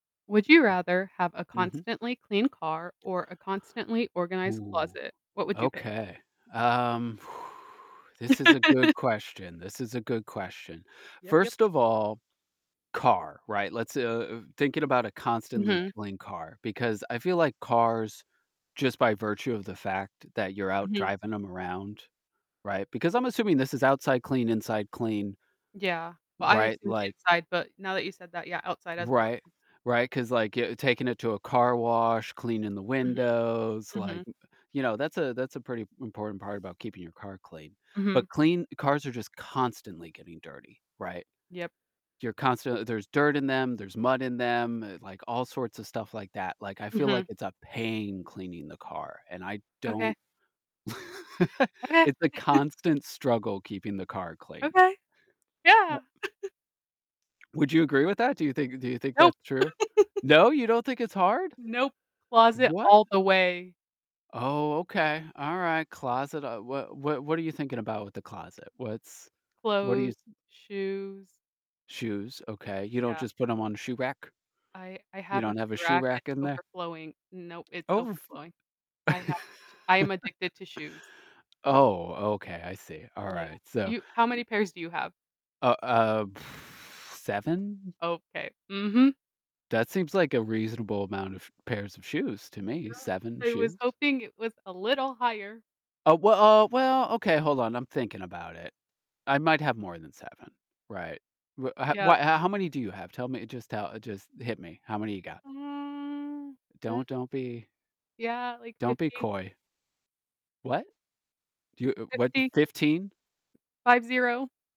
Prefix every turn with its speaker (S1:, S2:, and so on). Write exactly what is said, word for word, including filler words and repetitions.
S1: Would you rather have a
S2: Mhm. Mhm.
S1: constantly clean car or a constantly organized
S2: Ooh,
S1: closet? What would you pick?
S2: okay, um This is a good question, this is a good question.
S1: Yep, yep.
S2: First of all, car, right? Let's, uh uh, thinking about a constantly
S1: Mhm.
S2: clean car, because I feel like cars, just by virtue of the fact that you're out
S1: Mhm.
S2: driving 'em around, right? Because I'm assuming this is outside clean, inside clean
S1: Yeah, well, I
S2: Right?
S1: assumed
S2: Like
S1: inside, but now that you said that, yeah, outside as well,
S2: Right,
S1: mhm.
S2: right, 'cause, like, y taking it to a car wash, cleaning the
S1: Mhm,
S2: windows, like,
S1: mhm.
S2: uh, you know, that's a that's a pretty important part about keeping your car clean, but
S1: Mhm.
S2: clean cars are just constantly getting dirty, right,
S1: Yep.
S2: you're constantl There's dirt in them, there's mud in them, like, all sorts of stuff like that, like, I feel like
S1: Mhm.
S2: it's a pain cleaning the car, and I
S1: Okay.
S2: don't
S1: Okay.
S2: It's a constant struggle keeping the car clean.
S1: Okay,
S2: Yep.
S1: yeah.
S2: Would you agree with that? Do you think do you think
S1: Nope.
S2: that's true? No, you don't think it's hard?
S1: Nope, closet
S2: What?
S1: all the way.
S2: Oh, okay, alright, closet. Uh, wha wha what are you thinking about with the closet? What's what are
S1: Clothes,
S2: you th
S1: shoes.
S2: Shoes, okay, you don't
S1: Yeah.
S2: just put 'em on shoe rack?
S1: I I
S2: You
S1: have a
S2: don't have a
S1: shoe
S2: shoe
S1: rack, it's
S2: rack in there?
S1: overflowing. Nope, it's
S2: Overf
S1: overflowing. I have sh I am addicted to shoes.
S2: Oh, okay, I see,
S1: Yeah.
S2: alright, so,
S1: You
S2: eh
S1: how many pairs do you have?
S2: Oh, uh, seven?
S1: Okay, mhm.
S2: That seems like a reasonable amount of pairs of shoes to me,
S1: Yeah,
S2: seven
S1: I was
S2: shoes?
S1: hoping it was a little higher.
S2: Uh, we uh, well, okay, hold on, I'm thinking about it, I might have more than seven, right. Wha h w
S1: Yep.
S2: how many do you have? Tell me, just tell just hit me. How many you got?
S1: Mm, l
S2: Don't don't be
S1: Yeah, like,
S2: don't be
S1: fifty.
S2: coy. What? Do you, uh what?
S1: fifty.
S2: fifteen?
S1: five, zero.